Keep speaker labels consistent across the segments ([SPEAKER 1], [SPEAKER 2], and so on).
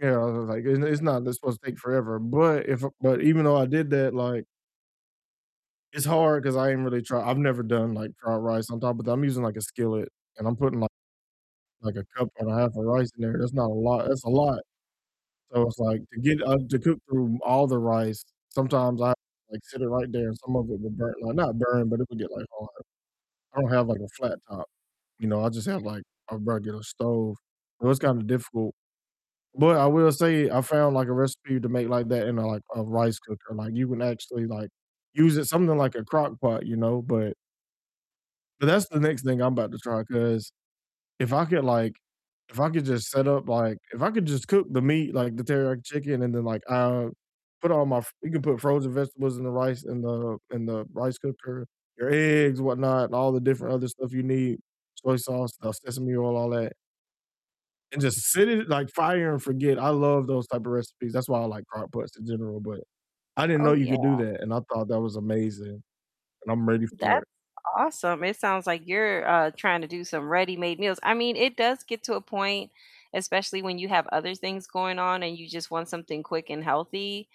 [SPEAKER 1] You know, was was, like, it's n it's not supposed to take forever, but if but even though I did that, like it's hard 'cause I ain't really try I've never done, like, dried rice on top, but I'm using, like, a skillet, and I'm putting like like a cup and a half of rice in there, that's not a lot that's a lot, so it's, like, to get, uh, to cook through all the rice, sometimes I have to, like, sit it right there and some of it will burn like, not burn, but it would get, like, hard. I don't have, like, a flat top, you know, I just, have, like, a regular stove, so it's, kinda, difficult, but I will say I found, like, a recipe to make, like, that in a, like, a rice cooker, like, you can actually, like, use it something like a crock pot, you know, but but that's the next thing I'm about to try 'cause if I could, like if I could, just, set up, like if I could, just, cook the meat, like, the teriyaki chicken and then, like, uh, put all my f you can put frozen vegetables in the rice, in the in the rice cooker, your eggs, whatnot, and all the different other stuff you need, soy sauce, uh, sesame oil, all that and, just, sit it like, fire and forget. I love those type of recipes. That's why I like crock pots in general, but I didn't
[SPEAKER 2] Oh,
[SPEAKER 1] know you
[SPEAKER 2] yeah.
[SPEAKER 1] could do that, and I thought that was amazing, and I'm ready for
[SPEAKER 2] That's
[SPEAKER 1] it.
[SPEAKER 2] awesome. It sounds, like, you're, uh, trying to do some ready-made meals. I mean, it does get to a point, especially when you have other things going on and you, just, want something quick and healthy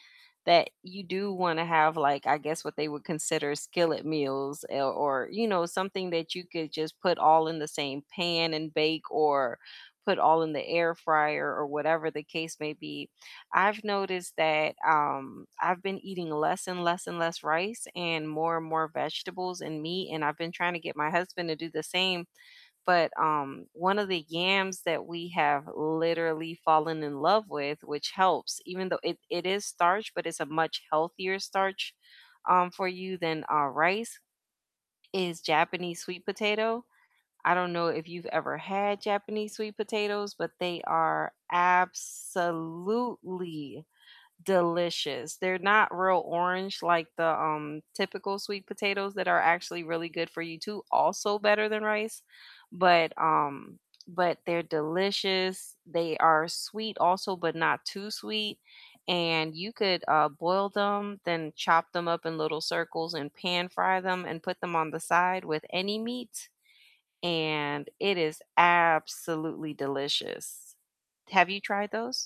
[SPEAKER 2] that you do wanna have, like, I guess what they would consider skillet meals, eh, or, you know, something that you could, just, put all in the same pan and bake or put all in the air fryer or whatever the case may be. I've noticed that, um, I've been eating less and less and less rice and more and more vegetables and meat, and I've been trying to get my husband to do the same, but, um, one of the yams that we have literally fallen in love with which helps even though it it is starch, but it's a much healthier starch, um, for you than, uh, rice, is Japanese sweet potato. I don't know if you've ever had Japanese sweet potatoes, but they are absolutely delicious. They're not real orange like the, um, typical sweet potatoes that are actually really good for you too, also better than rice, but, um, but they're delicious, they are sweet also, but not too sweet, and you could, uh, boil them, then chop them up in little circles and pan-fry them and put them on the side with any meat, and it is absolutely delicious. Have you tried those?